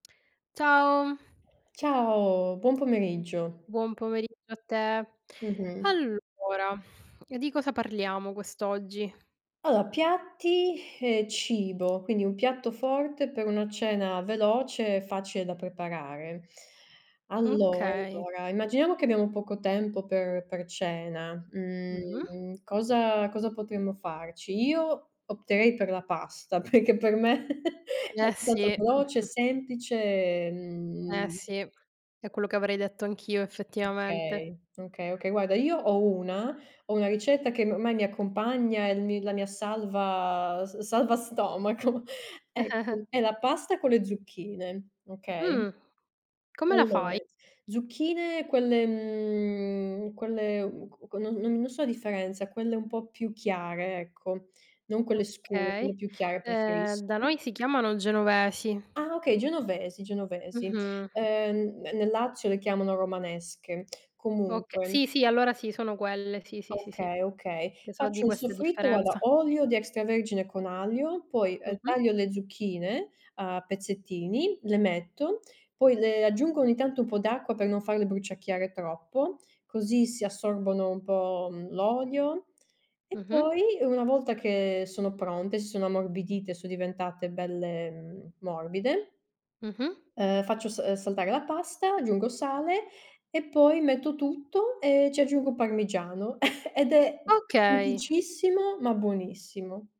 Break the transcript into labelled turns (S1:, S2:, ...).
S1: Ciao.
S2: Ciao, buon pomeriggio.
S1: Buon pomeriggio a te.
S2: Mh-mh.
S1: Allora, di cosa parliamo quest'oggi?
S2: Allora, piatti e cibo, quindi un piatto forte per una cena veloce e facile da preparare. Allora,
S1: Okay.
S2: allora, immaginiamo che abbiamo poco tempo per per cena,
S1: Mh-mh.
S2: mhmm, cosa cosa potremmo farci? Io opterei per la pasta, perché per me è
S1: Eh
S2: [unintelligible]
S1: sì,
S2: veloce, è
S1: mh-mh.
S2: semplice e,
S1: Eh
S2: mhmm
S1: sì, è quello che avrei detto anch'io effettivamente.
S2: Okay, okay, okay, guarda, io ho una ho una ricetta che ormai mi accompagna, è il mi la mia salva s salva stomaco. Ecco, è la pasta con le zucchine, okay?
S1: Mh, come la
S2: Allora,
S1: fai?
S2: zucchine quelle mhmm, quelle mhmm, q non non so la differenza, quelle un po' più chiare, ecco, non quelle scure,
S1: Okay.
S2: quelle più chiare
S1: Ehm, da
S2: preferisco.
S1: noi si chiamano genovesi.
S2: Ah okay, genovesi, genovesi.
S1: Mh-mh.
S2: Uhm, ne nel Lazio le chiamano romanesche,
S1: Oka
S2: comunque
S1: sì, sì, allora sì, sono quelle, sì, sì, sì, sì,
S2: Okay, okay.
S1: che so di
S2: Faccio un
S1: questa
S2: soffritto, guarda,
S1: differenza.
S2: olio di extravergine con aglio, poi, uhm,
S1: Mh-mh.
S2: taglio le zucchine a pezzettini, le metto, poi le aggiungo ogni tanto un po' d'acqua per non farle bruciacchiare troppo, così si assorbono un po', mhmm, l'olio e
S1: Mh-mh.
S2: poi una volta che sono pronte, si sono ammorbidite, son diventate belle, mhmm, morbide
S1: Mh-mh.
S2: uhm, faccio sa saltare la pasta, aggiungo sale e poi metto tutto e ci aggiungo parmigiano ed è
S1: Okay.
S2: semplicissimo ma buonissimo.